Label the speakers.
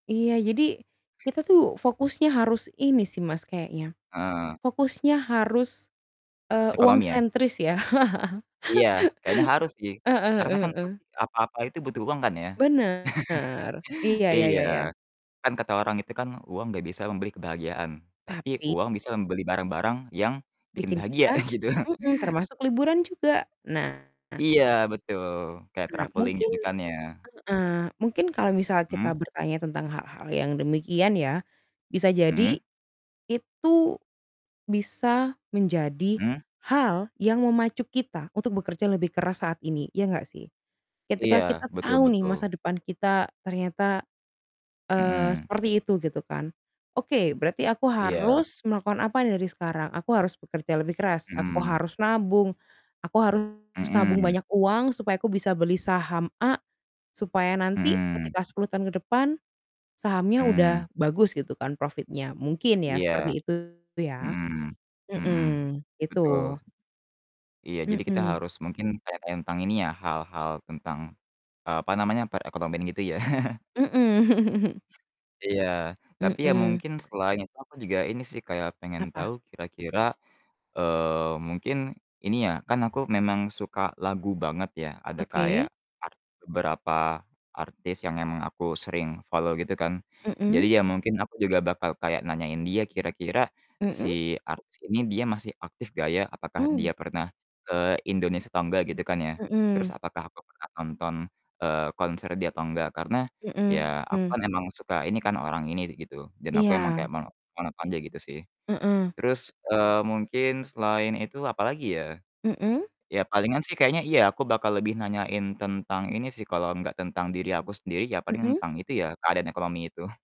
Speaker 1: Iya, jadi kita tuh fokusnya harus ini sih Mas, kayaknya
Speaker 2: Heeh.
Speaker 1: fokusnya harus, eee, uang
Speaker 2: Ekonomi ya?
Speaker 1: sentris ya.
Speaker 2: Iya, kayaknya harus sih
Speaker 1: Heeh
Speaker 2: karena kan
Speaker 1: heeh heeh.
Speaker 2: pasti apa-apa itu butuh uang kan ya.
Speaker 1: Bener. Iya, ya
Speaker 2: Iya,
Speaker 1: ya ya.
Speaker 2: kan kata orang itu kan uang nggak bisa membeli kebahagiaan, tapi
Speaker 1: Tapi
Speaker 2: uang bisa membeli barang-barang yang bikin
Speaker 1: bikin
Speaker 2: bahagia
Speaker 1: kita
Speaker 2: gitu.
Speaker 1: mhm, termasuk liburan juga. Nah
Speaker 2: Iya, betul kayak
Speaker 1: Nah,
Speaker 2: traveling
Speaker 1: mungkin
Speaker 2: gitu kan ya.
Speaker 1: heeh, mungkin kalau misal
Speaker 2: Mmm.
Speaker 1: kita bertanya tentang hal-hal yang demikian ya, bisa jadi
Speaker 2: Mhm.
Speaker 1: itu bisa menjadi
Speaker 2: Mmm.
Speaker 1: hal yang memacu kita untuk bekerja lebih keras saat ini. Iya nggak sih?
Speaker 2: Iya,
Speaker 1: Ketika kita
Speaker 2: betul
Speaker 1: tahu nih masa
Speaker 2: betul.
Speaker 1: depan kita ternyata, eee,
Speaker 2: Mhm.
Speaker 1: seperti itu gitu kan. Oke, berarti aku
Speaker 2: Iya.
Speaker 1: harus melakukan apa nih dari sekarang? Aku harus bekerja lebih keras, aku
Speaker 2: Mhm.
Speaker 1: harus nabung, aku harus nabung
Speaker 2: Mmm.
Speaker 1: banyak uang supaya aku bisa beli saham A supaya nanti
Speaker 2: Mmm.
Speaker 1: ketika 10 tahun ke depan sahamnya udah
Speaker 2: Mmm.
Speaker 1: bagus gitu kan profitnya. Mungkin ya
Speaker 2: Iya.
Speaker 1: seperti itu ya.
Speaker 2: Mhm. Mhm.
Speaker 1: Mhm,
Speaker 2: Betul.
Speaker 1: itu.
Speaker 2: Iya, jadi kita
Speaker 1: Mhm.
Speaker 2: harus mungkin kayak tentang ini ya hal-hal tentang, eee, apa namanya, perekonomian gitu ya.
Speaker 1: Mhm.
Speaker 2: Iya, tapi ya
Speaker 1: Mhm.
Speaker 2: mungkin selain itu aku juga ini sih kayak pengen
Speaker 1: Apa?
Speaker 2: tahu kira-kira, eee, mungkin ini ya, kan aku memang suka lagu banget ya, ada kayak
Speaker 1: Oke.
Speaker 2: art beberapa artis yang emang aku sering follow gitu kan. Jadi
Speaker 1: Mhm.
Speaker 2: ya mungkin aku juga bakal kayak nanyain dia, kira-kira
Speaker 1: Mhm.
Speaker 2: si artis ini dia masih aktif nggak ya? Apakah
Speaker 1: Ow.
Speaker 2: dia pernah ke Indonesia atau enggak gitu kan ya. Terus
Speaker 1: Mhm.
Speaker 2: apakah aku pernah nonton, eee, konser dia atau enggak, karena ya aku
Speaker 1: Mhm.
Speaker 2: kan emang suka ini kan orang ini gitu, dan aku emang kayak
Speaker 1: Iya.
Speaker 2: mono mau nonton dia gitu sih.
Speaker 1: Heeh.
Speaker 2: Terus, eee, mungkin selain itu apalagi ya?
Speaker 1: Mhm.
Speaker 2: Ya palingan sih kayaknya iya, aku bakal lebih nanyain tentang ini sih, kalau nggak tentang diri aku sendiri ya paling
Speaker 1: Mhm.
Speaker 2: tentang itu ya, keadaan ekonomi itu.